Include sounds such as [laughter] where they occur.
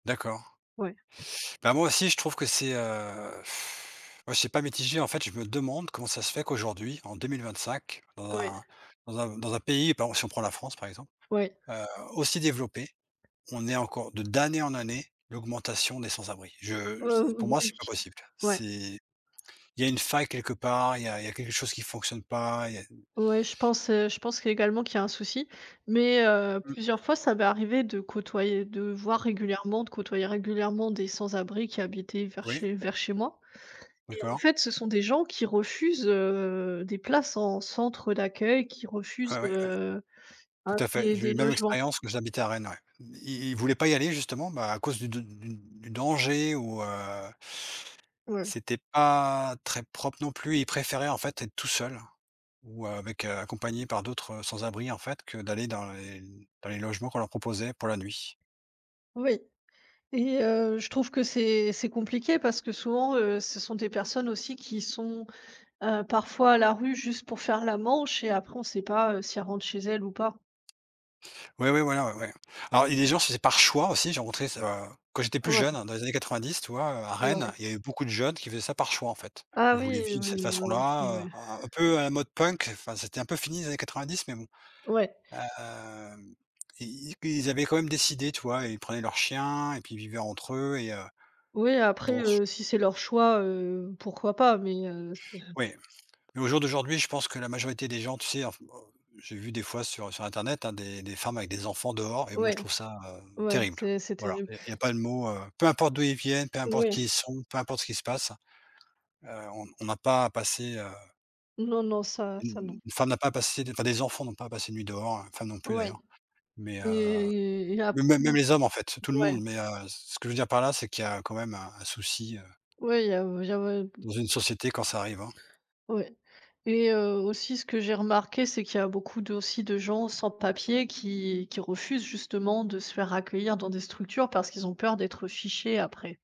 D'accord. Ouais. Bah, moi, aussi, je trouve que c'est, heu, [blows air] bah, je sais pas, mitigé. En fait, je me demande comment ça se fait qu'aujourd'hui, en 2025, dans Ouais. un dans un dans un pays, bah, si on prend la France, par exemple, Ouais. heu, aussi développé, on ait encore de d'année en année, l'augmentation des sans-abris. Je j'ai Oh, pour moi, oui. c'est pas possible. Ouais. C'est il y a une faille quelque part, il y a il y a quelque chose qui fonctionne pas. Il y a mmh. Ouais, je pense, heu, je pense également qu'il y a un souci. Mais heu, Mmh. plusieurs fois, ça m'est arrivé de côtoyer, de voir régulièrement, de côtoyer régulièrement des sans-abris qui habitaient vers Oui. chez vers chez moi et en D'accord. fait, ce sont des gens qui refusent, heu, des places en centre d'accueil, qui refusent, Ouais, ouais, ouais. heu, Tout à fait. des J'ai eu des la même logements. expérience, mais j'habitais à Rennes, ouais. Ils ils voulaient pas y aller, justement. Bah, à cause de de de du du danger, ou heu Ouais. c'était pas très propre, non plus. Ils préféraient, en fait, être tout seuls, ou avec, heu, accompagné par d'autres sans-abris, en fait, que d'aller dans les dans les logements qu'on leur proposait pour la nuit. Oui et heu, je trouve que c'est c'est compliqué parce que, souvent, heu, ce sont des personnes, aussi, qui sont, heu, parfois à la rue juste pour faire la manche et après on sait pas, heu, si elles rentrent chez elles ou pas. Ouais, ouais, voilà, o ouais. Alors, il y a des gens, c'était par choix aussi. J'ai rencontré ça, quand j'étais plus Ouais. jeune, dans les années 90, tu vois? Heu, à Rennes, Ouais. il y avait beaucoup de jeunes qui faisaient ça par choix, en fait. Ah Ils voulaient oui, vivre de cette oui, oui, aussi, façon-là, ouais. heu, un peu à la mode punk, enfin, c'était un peu fini dans les années 90, mais bon, Ouais. hem, i ils ils avaient quand même décidé, tu vois? Ils prenaient leurs chiens, et puis ils vivaient entre eux, et heu, Oui, b après, oh ch heu, si, c'est leur choix, heu, pourquoi pas mais heu, ce Oui, mais au jour d'aujourd'hui, je pense que la majorité des gens, tu sais, en f en j'ai vu, des fois, sur sur internet, hein, des des des femmes avec des enfants dehors et moi, Ouais, je trouve ça, heu, ouais, terrible. c'est c'est Voilà, terrible. il il y a pas de mot, heu, peu importe d'où ils viennent, peu importe Ouais. qui ils sont, peu importe ce qu'il se passe. Heu, on on n'a pas à passer, heu Non, non, ça, U ça, u non. une femme n'a pas à passer, enfin, des enfants n'ont pas à passer de nuit dehors. Une femme, non plus, Ouais d'ailleurs, mais heu, et et mais après, mais non même les hommes, en fait, tout le ouais. monde, mais heu, ce que je veux dire par là, c'est qu'il y a quand même un un souci, heu Oui, il y a il y av b dans une société quand ça arrive, hein. Ouais et heu, aussi ce que j'ai remarqué, c'est qu'il y a beaucoup d aussi de gens sans papiers qui qui refusent, justement, de se faire accueillir dans des structures parce qu'ils ont peur d'être fichés, après.